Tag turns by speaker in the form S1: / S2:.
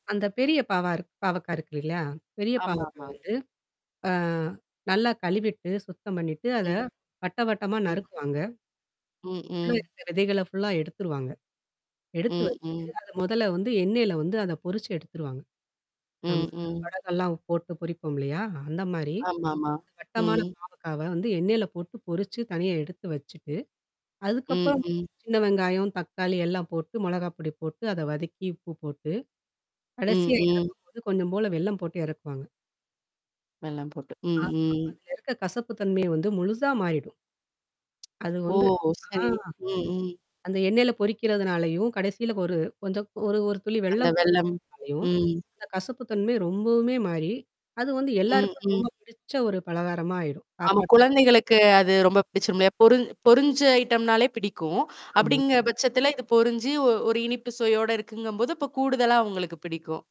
S1: அந்த பெரிய பாவா இருக் பாவக்கா இருக்கு இல்லையா? பெரிய பாவக்கா
S2: ஆமாமா.
S1: வந்து. அ நல்லா கழுவிட்டு, சுத்தம் பண்ணிட்டு அத
S2: ம்.
S1: வட்டவட்டமா
S2: ம்.
S1: நறுக்குவாங்க.
S2: ம்.
S1: உல்லற
S2: ம்.
S1: இருக்குற விதைகள்ல ஃபுல்லா எடுத்துருவாங்க. எடுத்து
S2: ம்.
S1: வச்சுட்டு
S2: ம்.
S1: அது முதல்ல வந்து எண்ணெயில வந்து அத பொரிச்சு எடுத்துருவாங்க. ஆமா.
S2: ம். ம்.
S1: வடகம்லாம் போட்டு பொரிப்போம் இல்லையா? அந்த மாரி?
S2: ஆமாமா.
S1: வட்டமான
S2: ம்.
S1: பாவக்காவ வந்து எண்ணெயில போட்டு பொரிச்சு, தனியா எடுத்து வச்சுட்டு.
S2: ம்.
S1: அதுக்கப்புறம்,
S2: ம்.
S1: சின்ன வெங்காயம், தக்காளி எல்லாம் போட்டு மொளகாப்பொடி போட்டு, அத வதக்கி உப்பு போட்டு,
S2: ம்.
S1: கடைசியா
S2: ம்.
S1: இறக்கும் போது, கொஞ்சம் போல வெல்லம் போட்டு இறக்குவாங்க.
S2: வெல்லம் போட்டு. ம்.
S1: ஆமா.
S2: ம்.
S1: அதிலிருக்க கசப்பு தன்மைய வந்து முழுசா மாறிடும். அது
S2: ஓ!
S1: வந்து. ஆ.
S2: சரி. ம், ம்.
S1: அந்த எண்ணெயில பொரிக்கிறதுனாலயும் கடைசியில ஒரு கொஞ்சம் ஒரு ஒரு துளி
S2: அந்த
S1: வெள்ளம்
S2: வெல்லம்.
S1: சேர்க்குறதுனாலையும்
S2: ம்.
S1: கசப்பு தன்மை ரொம்பவுமே மாறி, அது வந்து
S2: ம்.
S1: எல்லாருக்குமே
S2: ம்.
S1: ரொம்ப பிடிச்ச ஒரு பலகாரமா ஆயிரும்.
S2: ஆமா,
S1: சாப்பாட்டு.
S2: குழந்தைகளுக்கு அது ரொம்ப பிடிச்சிரும் இல்லையா? பொருஞ் பொரிஞ்ச ஐட்டம்னாலே பிடிக்கும்.
S1: ஆமா.
S2: அப்படிங்கிற பட்சத்துல இது பொரிஞ்சு ஒரு இனிப்பு சுவையோட இருக்குங்கும்போது, இப்போ கூடுதலா அவங்களுக்கு பிடிக்கும்.